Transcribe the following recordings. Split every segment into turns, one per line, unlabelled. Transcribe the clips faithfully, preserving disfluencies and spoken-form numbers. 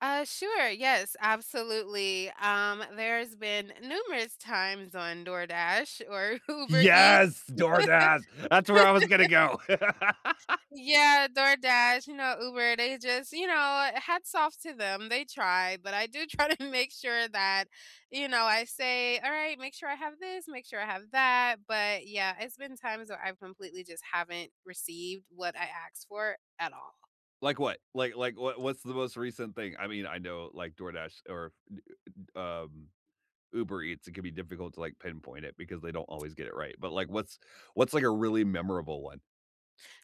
Uh, sure. Yes, absolutely. Um, there's been numerous times on DoorDash, or Uber Eats.
Yes! DoorDash. That's where I was gonna go!
Yeah, DoorDash, you know, Uber, they just you know what, hats off to them, they try, but I do try to make sure that you know, I say, "Alright, make sure I have this, make sure I have that," but, yeah, it's been times where I completely just haven't received what I aksed for at all.
Like what? Like like, what what's the most recent thing? I mean, I know, like, DoorDash or, y y um, Uber Eats, it could be difficult to, like, pinpoint it, because they don't always get it right, but, like, what's what's, like, a really memorable one?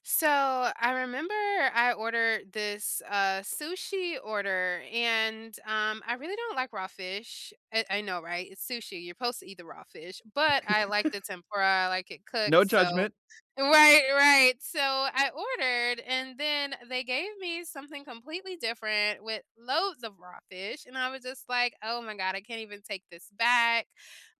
So, I remember I ordered this, uh, sushi order, and, um, I really don't like raw fish. It I know, right? It's sushi, you're 'posed to eat the raw fish, but I like the tempura, I like it
No
cooked, so
judgment.
right, right, so, I ordered, and then they gave me something completely different with loads of raw fish, and I was just like, "Oh my god, I can't even take this back."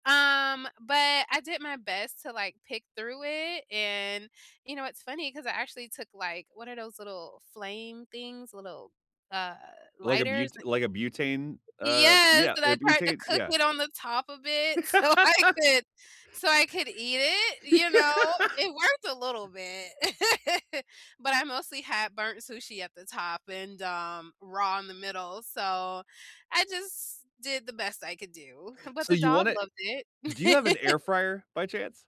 Um, but I did my best to, like, pick through it, and, you know, it's funny 'cause I actually took, like, what are those little flame things, little, uh,
Like a
lighters
bute
and
like a butane? Uh,
Yes,
yeah,
and I
a
tried to
butane?
cook
Yeah.
it on the top of it, so I could so I could eat it, you know? It worked a little bit, but I mostly had burnt sushi at the top and, um, raw in the middle, so I just did the best I could do, but
So,
the
you want
dog
it
loved
do you have an
it.
air fryer, by chance?